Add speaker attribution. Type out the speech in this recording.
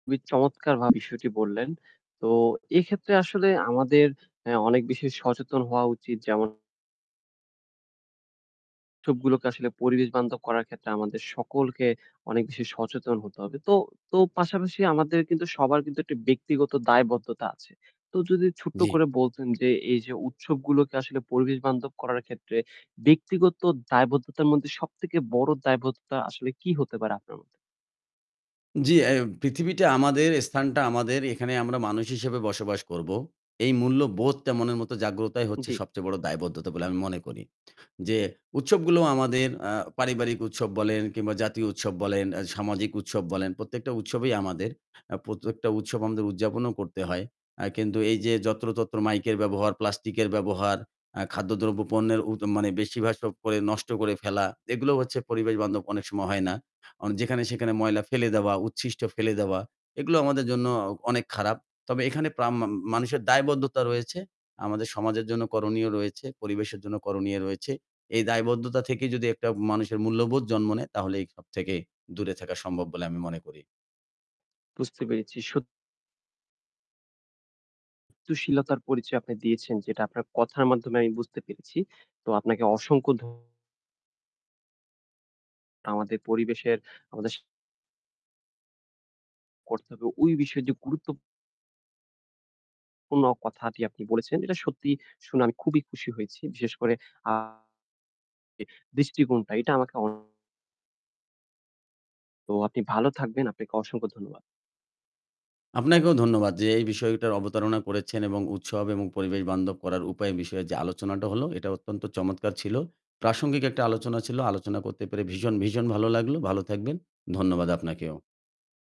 Speaker 1: খুবই চমৎকার ভাবে বিষয়টি বললেন। তো এক্ষেত্রে আসলে আমাদের আ অনেক বেশি সচেতন হওয়া উচিত যেমন উৎসবগুলোকে আসলে পরিবেশ বান্ধব করার ক্ষেত্রে আমাদের সকলকে অনেক বেশি সচেতন হতে হবে। তো তো, পাশাপাশি আমাদের কিন্তু সবার কিন্তু একটি ব্যক্তিগত দায়বদ্ধতা আছে। তো যদি ছোট্ট
Speaker 2: জ্বি।
Speaker 1: করে বলতেন যে এই যে উৎসবগুলোকে আসলে পরিবেশ বান্ধব করার ক্ষেত্রে ব্যক্তিগত দায়বদ্ধতার মধ্যে সবথেকে বড় দায়বদ্ধতা আসলে কি হতে পারে আপনার মতে?
Speaker 2: জ্বী, এ্যাই পৃথিবীটা আমাদের, স্থানটা আমাদের এখানে আমরা মানুষ হিসেবে বসবাস করব। এই মূল্যবোধটা মনের মত জাগ্রতাই হচ্ছে
Speaker 1: জ্বী।
Speaker 2: সবচেয়ে বড় দায়বদ্ধতা বলে আমি মনে করি। যে উৎসবগুলো আমাদের আ পারিবারিক উৎসব বলেন কিংবা জাতীয় উৎসব বলেন, আ সামাজিক উৎসব বলেন প্রত্যেকটা উৎসবই আমাদের। আ প্রত্যেকটা উৎসব আমাদের উদযাপনও করতে হয়। আ কিন্তু এই যে যত্র-তত্র মাইকের ব্যবহার প্লাস্টিকের ব্যবহার আ খাদ্যদ্রব্য পণ্যের উ মানে বেশিরভাগ পরে সব নষ্ট করে ফেলা। এগুলো হচ্ছে পরিবেশ-বান্ধব অনেক সময় হয় না। অ যেখানে-সেখানে ময়লা ফেলে দেওয়া, উচ্ছিষ্ট ফেলে দেওয়া এগুলো আমাদের জন্য অনেক খারাপ। তবে এখানে প্রাম্মাম মানুষের দায়বদ্ধতা রয়েছে। আমাদের সমাজের জন্য করণীয় রয়েছে। পরিবেশের জন্য করণীয় রয়েছে। এই দায়বদ্ধতা থেকে যদি একটা মানুষের মূল্যবোধ জন্ম নেয় তাহলে এই সব থেকে দূরে থাকা সম্ভব বলে আমি মনে করি।
Speaker 1: বুঝতে পেরেছি, সত তুশীলতার পরিচয় আপনি দিয়েছেন যেটা আপনার কথার মাধ্যমে আমি বুঝতে পেরেছি। তো আপনাকে অসংখ্য ধ আমাদের পরিবেশের আমাদের স করতে হবে ওই বিষয় যে গুরুত্ব অ কোনো কথাটি আপনি বলেছেন। এটা সত্যিই শুনে আমি খুবই খুশি হয়েছি। বিশেষ করে আ দৃষ্টিকোণটা এটা আমাকে অ তো আপনি ভালো থাকবেন, আপনাকে অসংখ্য ধন্যবাদ।
Speaker 2: আপনাকেও ধন্যবাদ যে এই বিষয়টার অবতারণা করেছেন এবং উৎসব এবং পরিবেশ বান্ধব করার উপায় বিষয়ে যে আলোচনাটা হলো এটা অত্যন্ত চমৎকার ছিল। প্রাসঙ্গিক একটা আলোচনা ছিল। আলোচনা করতে পেরে ভীষণ, ভীষণ ভালো লাগলো। ভালো থাকবেন। ধন্যবাদ আপনাকেও।